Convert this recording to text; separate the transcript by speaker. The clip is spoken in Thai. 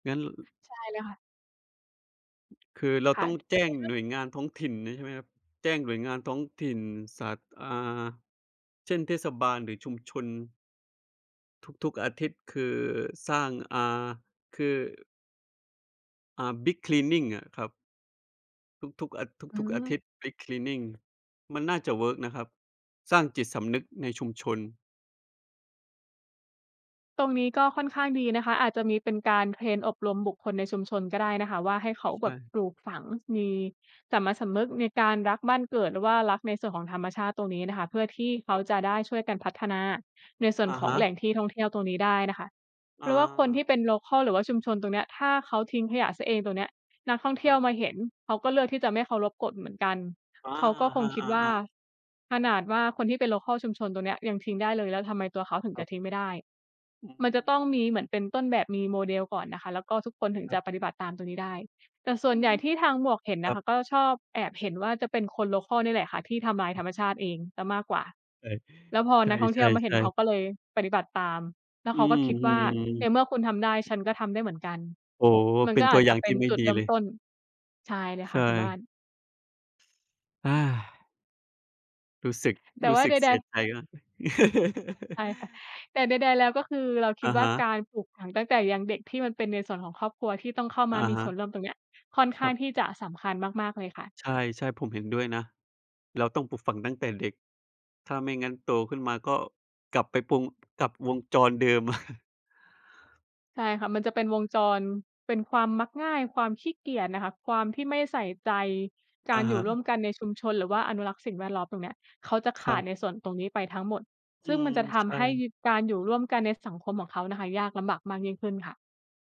Speaker 1: งั้น
Speaker 2: ใช่เลยค่ะ
Speaker 1: คือเรา
Speaker 2: ค่
Speaker 1: ต
Speaker 2: ะ
Speaker 1: ้องแ
Speaker 2: ค
Speaker 1: จ
Speaker 2: ่
Speaker 1: ้ง
Speaker 2: อยไปเริ่ม
Speaker 1: หน่วยงานท้องถิ่นนี้ ใช่ไหมครับ? แจ้งหน่วยงานท้องถิ่น สา อ่า เช่น เทศบาล หรือชุมชน ทุก ๆ อาทิตย์ คือสร้าง อ่า คือ อ่า Big Cleaning อะครับ ทุก ๆ อา
Speaker 2: อื
Speaker 1: ทุก ๆ อา
Speaker 2: ม
Speaker 1: ทิตย์ Big Cleaning มันน่าจะเวิร์กนะครับ สร้างจิตสำนึกในชุมชน
Speaker 2: ตรงนี้ก็ค่อนข้างดีนะคะ อาจจะมีเป็นการเทรนอบรมบุคคลในชุมชนก็ได้นะคะว่า ให้เขา
Speaker 1: ใ
Speaker 2: แ
Speaker 1: ช
Speaker 2: บบ
Speaker 1: ่
Speaker 2: ปลูกฝังมีสามัญสำนึกในการรักบ้านเกิด หรือว่ารักในส่วนของธรรมชาติตรงนี้น่ะค่ะ เพื่อที่เข
Speaker 1: ค
Speaker 2: า
Speaker 1: รับ
Speaker 2: จะได้ช่วยกันพัฒนาในส่วน
Speaker 1: อะ
Speaker 2: ขอ
Speaker 1: ฮ
Speaker 2: งแหล่
Speaker 1: ะ
Speaker 2: งที่ท่องเที่ยวตรงนี้ได้น่ะค่ะ เพราะว่าคนที
Speaker 1: อา
Speaker 2: ่เป็น โลคัล หรือว่าชุมชนตรงเนี้ย ถ้าเขาทิ้งขยะเสียเองตรงเนี้ย นักท่องเ
Speaker 1: ค
Speaker 2: ที
Speaker 1: ร
Speaker 2: ่ย
Speaker 1: ั
Speaker 2: ว
Speaker 1: บ
Speaker 2: มาเห็น เขาก็เลือกที่จะไม่เคารพกฎเหมือนกัน
Speaker 1: อา
Speaker 2: เขาก็คงคิ
Speaker 1: อ
Speaker 2: ดว่า
Speaker 1: า ๆ ๆ
Speaker 2: ขนาดว่า คนที่เป็น โลคัล ชุมชนตรงนี้ยังทิ้งได้เลย แล้วทำไมตัวเขาถึง
Speaker 1: ค
Speaker 2: จ
Speaker 1: รั
Speaker 2: ะ
Speaker 1: บ
Speaker 2: ทิ้งไม่ได้
Speaker 1: อืม
Speaker 2: มันจะต้องมีเหมือนเป็นต้นแบบ มี model ก่อนนะคะ แล้วก็ทุกคนถึง
Speaker 1: ครั
Speaker 2: จ
Speaker 1: บ
Speaker 2: ะปฏิบัติตามตรงนี้ได้ แต่ส่ว
Speaker 1: อื
Speaker 2: นใหญ
Speaker 1: ม
Speaker 2: ่ที่ทางหมวกเห็น
Speaker 1: ค
Speaker 2: น
Speaker 1: รั
Speaker 2: ะค
Speaker 1: บ
Speaker 2: ะ ก็ชอบแอบเห็นว่า จะเป็นคน โลคัล นี่แหละค่ะ ที่ทำร้าย
Speaker 1: อ
Speaker 2: ธ
Speaker 1: ือ
Speaker 2: รรมชาติเองเสียมากกว่า
Speaker 1: ใ
Speaker 2: แล้วพอ
Speaker 1: ช
Speaker 2: น
Speaker 1: ่
Speaker 2: ักท่อง
Speaker 1: ใ
Speaker 2: เ
Speaker 1: ช
Speaker 2: ที่ยวมาเห็น
Speaker 1: ่
Speaker 2: เขา
Speaker 1: ๆ ๆ
Speaker 2: ก็เลยปฏิบัติตาม แล้ว
Speaker 1: อ
Speaker 2: เ
Speaker 1: ื
Speaker 2: ข
Speaker 1: ้
Speaker 2: าก็ค
Speaker 1: อ
Speaker 2: ิด
Speaker 1: ฮ
Speaker 2: ว
Speaker 1: ื
Speaker 2: ่า ใน
Speaker 1: อ
Speaker 2: เมื่อคุณทำได้ฉันก็ทำได้เหมือนกัน
Speaker 1: โอ้โฮ
Speaker 2: มัน
Speaker 1: เป็
Speaker 2: ก็
Speaker 1: นต
Speaker 2: อ
Speaker 1: ัว
Speaker 2: าจ
Speaker 1: อย
Speaker 2: จ
Speaker 1: ่
Speaker 2: ะ
Speaker 1: าง
Speaker 2: เป
Speaker 1: ท
Speaker 2: ็
Speaker 1: ี
Speaker 2: น
Speaker 1: ่ไม่
Speaker 2: จุด
Speaker 1: ดี
Speaker 2: เริ่
Speaker 1: เ
Speaker 2: ม
Speaker 1: ลย
Speaker 2: ต้น ใช่เลย
Speaker 1: ใช
Speaker 2: ค่ะคุณบ้า
Speaker 1: ่
Speaker 2: น
Speaker 1: อา รู้สึก
Speaker 2: แต่
Speaker 1: รู
Speaker 2: ว
Speaker 1: ้
Speaker 2: ่า
Speaker 1: สึ
Speaker 2: ใ
Speaker 1: กเ
Speaker 2: ด
Speaker 1: สีย
Speaker 2: ๆ
Speaker 1: ใจนะ
Speaker 2: ใช่ค่ะ แต่ใด ๆ แล้ว ก็คือเราคิ
Speaker 1: อ
Speaker 2: ด
Speaker 1: ะ
Speaker 2: ว่
Speaker 1: ฮ
Speaker 2: า ก
Speaker 1: ะ
Speaker 2: ารปลูกฝังตั้งแต่ยังเด็ก ที่มันเป็นในส่วนของครอบครัว ที่ต้องเข้าม
Speaker 1: อ
Speaker 2: า
Speaker 1: ะ
Speaker 2: มี
Speaker 1: ฮ
Speaker 2: ส่ว
Speaker 1: ะ
Speaker 2: นร่วมตรงนี้อะ ค่อนข้
Speaker 1: คร
Speaker 2: าง
Speaker 1: ับ
Speaker 2: ที่จะสำคัญมาก ๆ เลยค่ะ
Speaker 1: ใช่ ๆ ผมเห็นด้วยนะ เราต้องปลูกฝังตั้งแต่เด็ก ถ้าไม่งั้นโตขึ้นมา ก็กลับไปปง กลับวงจรเดิม
Speaker 2: ใช่ค่ะ มันจะเป็นวงจร เป็นความมักง่าย ความขี้เกียจน่ะค่ะ ความที่ไม่ใส่ใจก
Speaker 1: อ
Speaker 2: า
Speaker 1: ะ
Speaker 2: ร
Speaker 1: ฮ
Speaker 2: อยู่ร
Speaker 1: ะ
Speaker 2: ่วมกันในชุมชน หรือว่าอนุรักษ์สิ่งแวดล้อมตรงเนี้ย เขาจะข
Speaker 1: คร
Speaker 2: า
Speaker 1: ั
Speaker 2: ด
Speaker 1: บ
Speaker 2: ในส่วนตรงนี้ไปทั้งหมด
Speaker 1: อ
Speaker 2: ซ
Speaker 1: ื
Speaker 2: ึ่งม
Speaker 1: ม
Speaker 2: ันจะท
Speaker 1: ใช
Speaker 2: ำ
Speaker 1: ่
Speaker 2: ให้การอยู่ร่วมกันในสังคมของเขาน่ะค่ะ ยากลำบากมากยิ่งขึ้นค่ะ